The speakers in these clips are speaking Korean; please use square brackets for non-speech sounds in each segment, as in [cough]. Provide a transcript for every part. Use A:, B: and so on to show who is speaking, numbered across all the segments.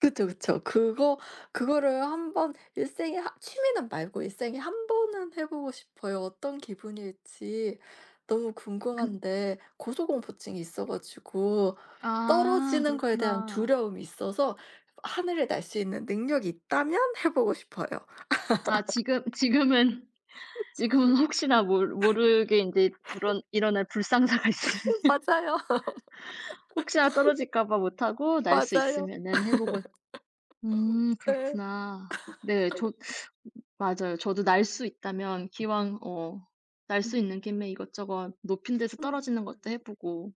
A: 그쵸, 그쵸. 그거, 그거를 1 번 일생에 한 취미는 말고 일생에 1 번은 해 보고 싶어요. 어떤 기분일지 너무
B: 그
A: 궁금한데 고소공포증이 있어 가지고
B: 아
A: 떨어지는 것에 대한
B: 그렇구나.
A: 두려움이 있어서 하늘을 날 수 있는 능력이 있다면 해 보고 싶어요.
B: 아 지금 지금은 지금은 혹시나 모르 모르게 인제
A: [laughs]
B: 불언 일어날 불상사가 있으면.
A: [laughs] 맞아요.
B: [laughs] 혹시나 떨어질까봐 못하고 날 수
A: 맞아요.
B: 있으면은 해 보고 음
A: 네.
B: 그렇구나. 네 저
A: [laughs]
B: 맞아요. 저도 날 수 있다면
A: 음.
B: 기왕 어 날 수
A: 음.
B: 있는 김에 이것저것 높은 데서 떨어지는 것도 해
A: [unintelligible]
B: 보고.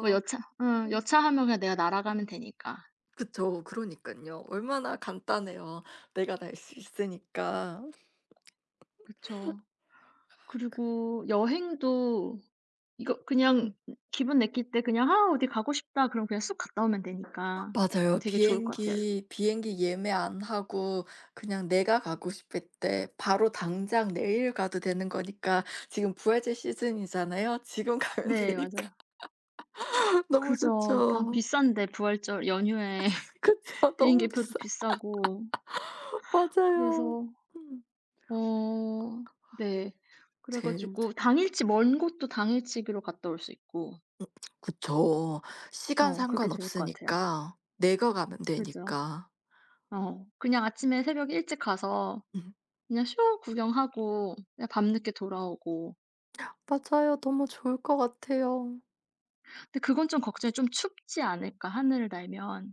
B: 뭐 여차 응
A: 음.
B: 여차하면 그냥 내가 날아가면 되니까.
A: 그쵸 그러니깐요 얼마나 간단해요 내가 날 수 있으니까.
B: 그쵸.
A: [laughs] 아 그
B: 그리고 여행도 이거 그냥
A: 음.
B: 기분 내킬 때 그냥 '하 어디 가고 싶다.' 그러면 그냥 쑥 갔다 오면
A: 아
B: 되니까
A: 맞아요.
B: 되게 좋을 것 같아요.
A: 비행기 비행기 예매 안 하고 그냥 내가 가고 싶을 때 바로 당장 내일 가도 되는 거니까 지금 부활절 시즌이잖아요. 지금 가면
B: 네 맞아요.
A: 되니까 [laughs] 너무
B: 그죠. 다
A: 좋죠.
B: 비싼데 부활절 연휴에 [laughs]
A: 그쵸. 너무
B: 비행기표도
A: 비싸.
B: 비싸고.
A: [laughs] 맞아요.
B: 그래서
A: 음
B: 어 네. 그래
A: 제일 좋
B: 가지고 당일치 먼 곳도 당일치기로 갔다 올 수 있고.
A: 음 그쵸 시간
B: 어 그게
A: 상관
B: 좋을 것 같아요.
A: 없으니까 내가 가면
B: 그죠.
A: 되니까.
B: 어 그냥 아침에 새벽 일찍 가서
A: 음.
B: 그냥 쇼 구경하고 그냥 밤 늦게 돌아오고.
A: 맞아요. 너무 좋을 것 같아요.
B: 근데 그건 좀 걱정이 좀 춥지 않을까 하늘을 날면.